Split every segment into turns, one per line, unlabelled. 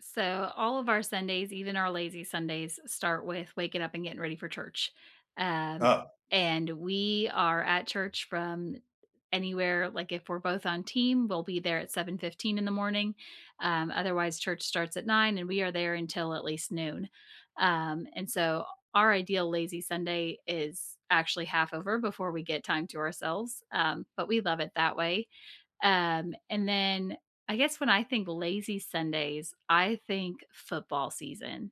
So, all of our Sundays, even our lazy Sundays, start with waking up and getting ready for church. Um,
Uh.
and we are at church from anywhere, like, if we're both on team, we'll be there at 7:15 in the morning, um, otherwise, church starts at 9 and we are there until at least noon. Um, and so, our ideal lazy Sunday is actually half over before we get time to ourselves, um, but we love it that way. Um, and then I guess when I think lazy Sundays, I think football season.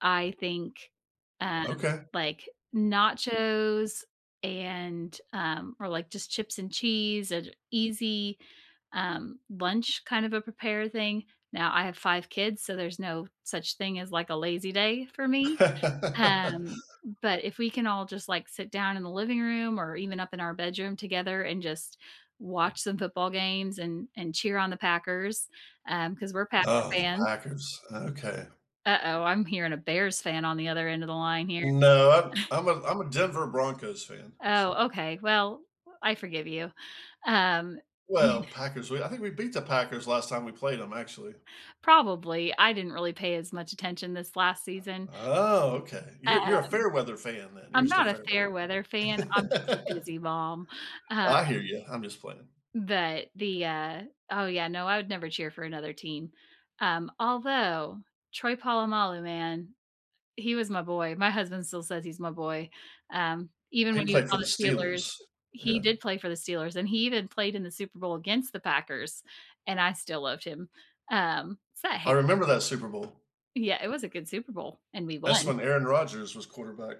I think, uh,
Okay.
like, nachos and, um or, like, just chips and cheese and easy, um, lunch kind of a prepared thing. Now I have 5 kids, so, there's no such thing as, like, a lazy day for me. Um, but if we can all just, like, sit down in the living room or even up in our bedroom together and just watch some football games and and cheer on the Packers, um, 'cause we're Packer
Oh, the
fans.
Packers, okay.
Uh-oh, I'm hearing a Bears fan on the other end of the line here.
No, I'm I'm a I'm a Denver Broncos fan, so
Oh, okay, well, I forgive you, um
Well,
[unintelligible]
Packers, we I think we beat the Packers last time we played 'em, actually.
Probably I didn't really pay as much attention this last season
Oh, okay. You're
um
you're a fair weather fan then, you're
I'm
just a
not a
fair weather
fair weather fan. I'm just a
fan.
busy mom, um
I hear ya, I'm just playing.
But the, uh, oh yeah, no, I would never cheer for another team, um, although Troy Polamalu, man, eh, he was my boy, my husband still says "He's my boy," um, even
He
when he was
played for
on
the
the Steelers,
Steelers,
he
yeah.
did play for the Steelers and he even played in the Super Bowl against the Packers, and I still loved him, um, it's that
I
hair.
remember that Super Bowl.
Yeah, it was a good Super Bowl, and we
That's
won.
when Aaron Rodgers was quarterback.